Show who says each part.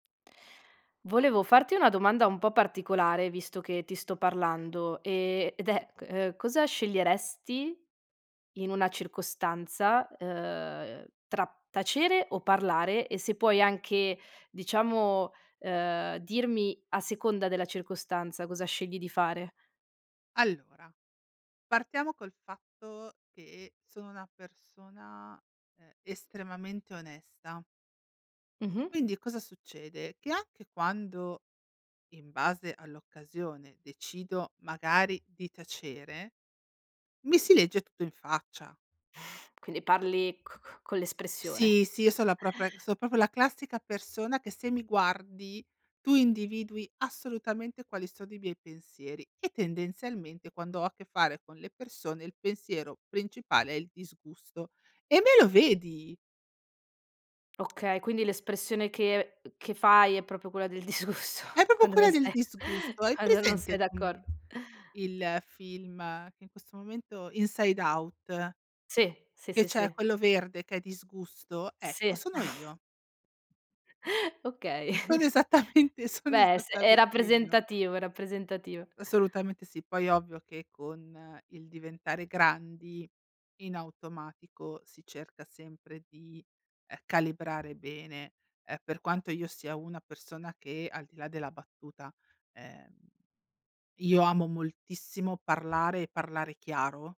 Speaker 1: Volevo farti una domanda un po' particolare visto che ti sto parlando, ehm, ed è ehm, cosa sceglieresti in una circostanza, ehm, tra tacere o parlare? E se puoi anche diciamo, ehm, dirmi a seconda della circostanza cosa scegli di fare.
Speaker 2: Allora, partiamo col fatto che sono una persona, ehm, estremamente onesta.
Speaker 1: Mh-mh.
Speaker 2: Quindi cosa succede? Che anche quando, in base all'occasione, decido magari di tacere, mi si legge tutto in faccia.
Speaker 1: Quindi parli c c con l'espressione.
Speaker 2: Sì, sì, io son la propria so' proprio la classica persona che se mi guardi tu individui assolutamente quali sono i miei pensieri e tendenzialmente quando ho a che fare con le persone il pensiero principale è il disgusto, e me lo vedi!
Speaker 1: Okay, quindi l'espressione che che fai è proprio quella del disgusto,
Speaker 2: È proprio
Speaker 1: quando
Speaker 2: quella
Speaker 1: non
Speaker 2: del
Speaker 1: sei
Speaker 2: disgusto. Hai
Speaker 1: quando non sei
Speaker 2: presente
Speaker 1: d'accor
Speaker 2: come il film che in questo momento Inside Out?
Speaker 1: Sì, sì,
Speaker 2: Che
Speaker 1: sì,
Speaker 2: c'è
Speaker 1: sì.
Speaker 2: quello verde che è disgusto,
Speaker 1: Sì.
Speaker 2: ecco sono io.
Speaker 1: Okay.
Speaker 2: Sono esattamente sono
Speaker 1: Beh, è s è
Speaker 2: esattamente io.
Speaker 1: rappresentativo, è rappresentativo.
Speaker 2: Assolutamente sì. Poi ovvio che con il diventare grandi in automatico si cerca sempre di, ehm, calibrare bene, ehm, per quanto io sia una persona che al di là della battuta, ehm, io amo moltissimo parlare e parlare chiaro.